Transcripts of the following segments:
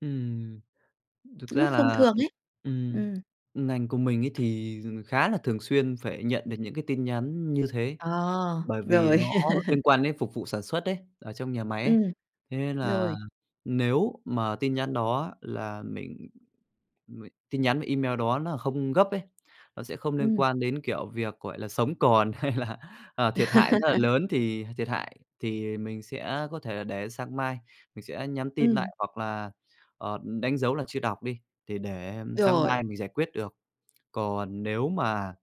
Ừm, thực ra Lúc thông là, thường ờm, ấy. ừm, Ừm. ngành của mình ấy, thì khá là thường xuyên phải nhận được những cái tin nhắn như thế À, bởi vì rồi. nó liên quan đến phục vụ sản xuất ấy, ở trong nhà máy ấy, Ừm. thế nên là Rồi. nếu mà tin nhắn đó là mình mình tin nhắn và email đó nó không gấp ấy, nó sẽ không liên Ừm. quan đến, kiểu, việc, gọi là, sống còn hay là, à, thiệt hại rất là lớn, thì thiệt hại thì mình sẽ có thể là để sang mai mình sẽ nhắn tin Ừm. lại hoặc là, ờ, đánh dấu là chưa đọc đi, thì để sáng Rồi. mai mình giải quyết được. Còn nếu mà,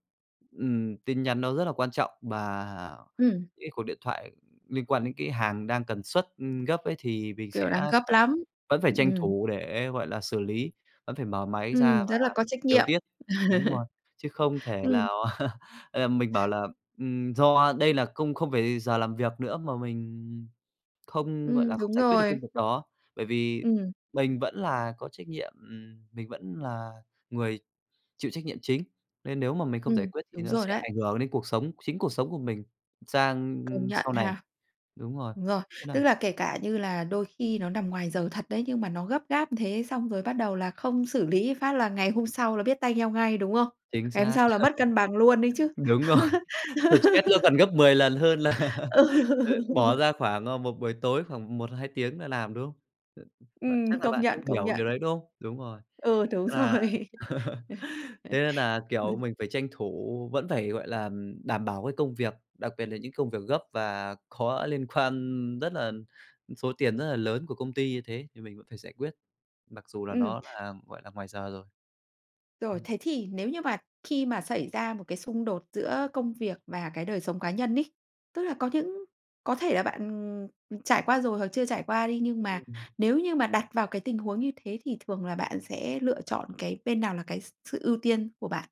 ừm, tin nhắn nó rất là quan trọng bà Ừm. cái cuộc điện thoại liên quan đến cái hàng đang cần xuất, ừm, gấp ấy, thì mình Kiểu sẽ đang gấp phải lắm, vẫn phải tranh ừm. thủ để, gọi là, xử lý, vẫn phải mở máy ra Ừm, và rất là có trách điều nhiệm. tiết. Đúng rồi, chứ không thể Ừm. lào, ờ, mình bảo là, ừm, do đây là công không phải giờ làm việc nữa mà mình, ừm, không, gọi Ừm, là, không đúng giải quyết được rồi. công việc đó, bởi vì Ừm. mình vẫn là có trách nhiệm, ừm, mình vẫn là người chịu trách nhiệm chính nên nếu mà mình không giải Ừm, quyết thì đúng nó rồi sẽ đấy. ảnh hưởng đến cuộc sống, chính cuộc sống của mình sang, Công ừm, nhận sau này. ha. Đúng rồi, Đúng rồi. thế nà Tức là, kể cả như là đôi khi nó nằm ngoài giờ thật đấy, nhưng mà nó gấp gáp thế, xong rồi bắt đầu là không xử lý phát là ngày hôm sau là biết tay nhau ngay, đúng không? Chính Ngày hôm xác. sau là mất cân bằng luôn ấy chứ. Đúng rồi! Stress nó còn gấp 10 lần hơn là, Ừ. ờ, bỏ ra khoảng, ờ, một buổi tối khoảng 1-2 tiếng là làm, đúng không? Ừm, bạn Ừm, chắc là công bạn nhận, cũng công hiểu điều nhận. đấy, đúng không? Đúng rồi, Ừ, đúng nghĩa là rồi. thế nên nà, kiểu, mình phải tranh thủ vẫn phải, gọi là, ừm, đảm bảo cái công việc, đặc biệt là những cái công việc gấp và có liên quan rất là số tiền rất là lớn của công ty như thế thì mình vẫn phải giải quyết, mặc dù là Ừm. nó là, gọi là, ngoài giờ rồi. Rồi, [unintelligible] thế thì, nếu như mà khi mà xảy ra một cái xung đột giữa công việc và cái đời sống cá nhân ấy, tức là có những có thể là bạn, ừm, ừm, trải qua rồi hoặc chưa trải qua đi, nhưng mà Ừm. nếu như mà đặt vào cái tình huống như thế thì thường là bạn sẽ lựa chọn cái bên nào là cái s sự ưu tiên của bạn?